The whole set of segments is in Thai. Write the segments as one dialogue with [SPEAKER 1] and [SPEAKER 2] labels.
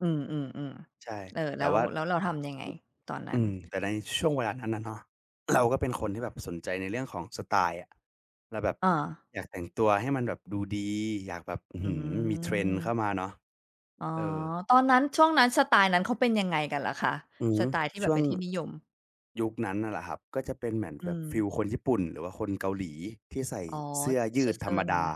[SPEAKER 1] อือ
[SPEAKER 2] ใช
[SPEAKER 1] ๆ
[SPEAKER 2] ่
[SPEAKER 1] ๆ เออ
[SPEAKER 2] แ
[SPEAKER 1] แ
[SPEAKER 2] ต
[SPEAKER 1] ล
[SPEAKER 2] ่
[SPEAKER 1] ้
[SPEAKER 2] ว
[SPEAKER 1] ว
[SPEAKER 2] ่า
[SPEAKER 1] แล้วเราทำยังไงตอนนั
[SPEAKER 2] อ
[SPEAKER 1] ้
[SPEAKER 2] ื
[SPEAKER 1] น?
[SPEAKER 2] ม แต่ในช่วงเวลานั้นอะเนาะ เราก็เป็นคนที่แบบสนใจในเรื่องของสไตล์อะ เราแบบ
[SPEAKER 1] อา
[SPEAKER 2] อยากแต่งตัวให้มันแบบดูดี อยากแบบ อื้อ
[SPEAKER 1] อื
[SPEAKER 2] ฮือ มี Trend เข้า
[SPEAKER 1] ม
[SPEAKER 2] มาเนาะ
[SPEAKER 1] อ๋อ
[SPEAKER 2] เออ
[SPEAKER 1] ตอนนั้น ช่วงนั้น สไตล์นั้นเขาเป็นยังไงกันหรอคะ?
[SPEAKER 2] อื
[SPEAKER 1] ส
[SPEAKER 2] ม
[SPEAKER 1] ไตล์ที่แ
[SPEAKER 2] ช
[SPEAKER 1] บ
[SPEAKER 2] ่
[SPEAKER 1] บ
[SPEAKER 2] ว
[SPEAKER 1] เป
[SPEAKER 2] ง
[SPEAKER 1] ็นที่นิยม
[SPEAKER 2] ยุคนั้นน่ะเหรอครับ ก็จะเป็นเหมือน
[SPEAKER 1] อื
[SPEAKER 2] แบบฟีล
[SPEAKER 1] ม
[SPEAKER 2] คนญี่ปุ่น หรือว่าคนเกาหลีที่ใส่
[SPEAKER 1] อ๋อ
[SPEAKER 2] เสื้อย
[SPEAKER 1] เซ
[SPEAKER 2] ืดธร
[SPEAKER 1] อร
[SPEAKER 2] รม
[SPEAKER 1] ์ ๆ หน่
[SPEAKER 2] ด
[SPEAKER 1] อยไ
[SPEAKER 2] า
[SPEAKER 1] หม?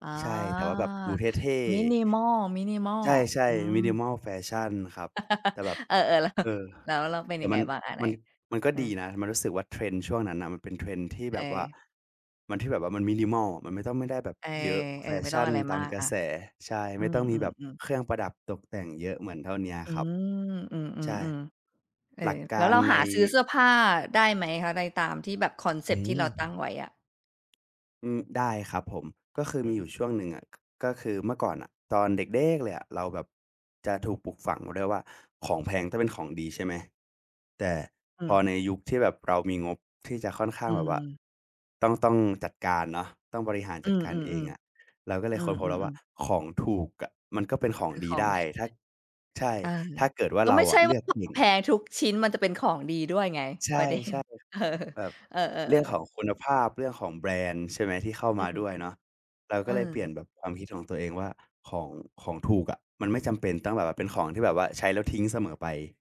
[SPEAKER 1] อา
[SPEAKER 2] ใช่ แต่ว่าแบบดูเท่ ๆ
[SPEAKER 1] Minimal Minimal
[SPEAKER 2] ใช่
[SPEAKER 1] อื
[SPEAKER 2] ๆ
[SPEAKER 1] ม
[SPEAKER 2] Minimal แฟชั่นครับ แต่แบบ
[SPEAKER 1] เออ ๆ แล้ว
[SPEAKER 2] เออ
[SPEAKER 1] แล้วเราเป็น
[SPEAKER 2] แต
[SPEAKER 1] ย
[SPEAKER 2] ่
[SPEAKER 1] ัง
[SPEAKER 2] ม
[SPEAKER 1] ไ
[SPEAKER 2] ั
[SPEAKER 1] ง
[SPEAKER 2] น
[SPEAKER 1] บ้างอะไหน?
[SPEAKER 2] มัน มันก็
[SPEAKER 1] เออ
[SPEAKER 2] ดีนะ มันรู้สึกว่า Trend ช่วงนั้นน่ะ มันเป็น Trend ที่แ
[SPEAKER 1] เ
[SPEAKER 2] บบว่า
[SPEAKER 1] ออ
[SPEAKER 2] มัน ที่แบบว่ามัน Minimal อะ มันไม่ต้อง ไม่ได้แบบ
[SPEAKER 1] เอ
[SPEAKER 2] เยอะแฟ
[SPEAKER 1] อ ๆ ไม่
[SPEAKER 2] ช
[SPEAKER 1] ต้อ
[SPEAKER 2] ั
[SPEAKER 1] ง
[SPEAKER 2] ่น
[SPEAKER 1] อะไร
[SPEAKER 2] ตา
[SPEAKER 1] มา
[SPEAKER 2] ม
[SPEAKER 1] ก
[SPEAKER 2] กร
[SPEAKER 1] อ
[SPEAKER 2] ะ
[SPEAKER 1] า
[SPEAKER 2] แส ใช่
[SPEAKER 1] อ
[SPEAKER 2] ไ
[SPEAKER 1] ื
[SPEAKER 2] ม่ต้องมีแบบ
[SPEAKER 1] ม ๆ ๆ
[SPEAKER 2] เครื่องประดับตกแต่งเยอะเหมือนเท่าเนี้ย
[SPEAKER 1] อื
[SPEAKER 2] ครับ ใช่
[SPEAKER 1] ม ๆ ๆ ๆ เออ
[SPEAKER 2] หลักก
[SPEAKER 1] แล้
[SPEAKER 2] า
[SPEAKER 1] ว
[SPEAKER 2] ร
[SPEAKER 1] เรา
[SPEAKER 2] ใ
[SPEAKER 1] ห
[SPEAKER 2] น
[SPEAKER 1] าซื้อเสื้อผ้าได้ไหมคะ? ในตามที่แบบคอนเซ
[SPEAKER 2] อ
[SPEAKER 1] ปต
[SPEAKER 2] ื
[SPEAKER 1] ์ที่เ
[SPEAKER 2] ม
[SPEAKER 1] ราตั้งไว้อะ
[SPEAKER 2] อืม ได้ครับผม ก็คือ
[SPEAKER 1] อ
[SPEAKER 2] ม
[SPEAKER 1] ื
[SPEAKER 2] ีอย
[SPEAKER 1] ม
[SPEAKER 2] ู่ช่วงหนึ่งอะ ก ก็คือเมื่อก่อนน่ะตอนเด็กเด๊กเลยอะ เราแบบจะถูกปลูกฝังไว้ด้วยว่า ของแพงต้องเป็นของดี ใช่ไหม? แต่
[SPEAKER 1] อื
[SPEAKER 2] พอ
[SPEAKER 1] ม
[SPEAKER 2] ในยุคที่แบบเรามีงบที่จะค่อนข้
[SPEAKER 1] อ
[SPEAKER 2] า
[SPEAKER 1] ื
[SPEAKER 2] งแบบว่า
[SPEAKER 1] ม
[SPEAKER 2] ต้อง ต้องจัดการเนาะ ต้องบริหาร
[SPEAKER 1] อื
[SPEAKER 2] จัด
[SPEAKER 1] อ
[SPEAKER 2] ก
[SPEAKER 1] ๆ
[SPEAKER 2] ารเองอะ
[SPEAKER 1] ๆ
[SPEAKER 2] เราก็เล
[SPEAKER 1] อื
[SPEAKER 2] ยค้นพบแล้
[SPEAKER 1] อ
[SPEAKER 2] วว่
[SPEAKER 1] ๆ
[SPEAKER 2] า
[SPEAKER 1] ๆ
[SPEAKER 2] ของถูกอะมันก็เป็นขอ
[SPEAKER 1] ค
[SPEAKER 2] ง
[SPEAKER 1] ือ
[SPEAKER 2] ด
[SPEAKER 1] ข
[SPEAKER 2] ี
[SPEAKER 1] อง
[SPEAKER 2] ได้
[SPEAKER 1] ที่
[SPEAKER 2] ถ้า ใช่
[SPEAKER 1] เออ
[SPEAKER 2] ถ้าเกิดว่า
[SPEAKER 1] แล้ว
[SPEAKER 2] เร
[SPEAKER 1] ไ
[SPEAKER 2] า
[SPEAKER 1] ม่ใ
[SPEAKER 2] อ
[SPEAKER 1] ช่
[SPEAKER 2] ะเล
[SPEAKER 1] ว่
[SPEAKER 2] ื
[SPEAKER 1] า
[SPEAKER 2] อกเก่ง
[SPEAKER 1] แพงทุกชิ้น มันจะเป็นของดีด้วยไง
[SPEAKER 2] ใช
[SPEAKER 1] ป
[SPEAKER 2] ่
[SPEAKER 1] ระเด็น เออ
[SPEAKER 2] ๆ แบบ
[SPEAKER 1] เอ
[SPEAKER 2] เรื
[SPEAKER 1] อ
[SPEAKER 2] ่อง
[SPEAKER 1] ๆ
[SPEAKER 2] ข
[SPEAKER 1] ๆ
[SPEAKER 2] องคุณภาพ เรื่องของแบรนด์ ใช่ไหม ที่เข้า
[SPEAKER 1] อื
[SPEAKER 2] มา
[SPEAKER 1] ม
[SPEAKER 2] ด้วยเนาะ เรา
[SPEAKER 1] ๆ เ
[SPEAKER 2] ก
[SPEAKER 1] อ
[SPEAKER 2] ็
[SPEAKER 1] อ
[SPEAKER 2] เลยเปลี่ยนแบบความคิดของตัวเองว่า ของ ของถูกอะ มันไม่จำเป็นต้องแบบว่า เป็นของที่แบบว่าใช้แล้วทิ้งเสมอไป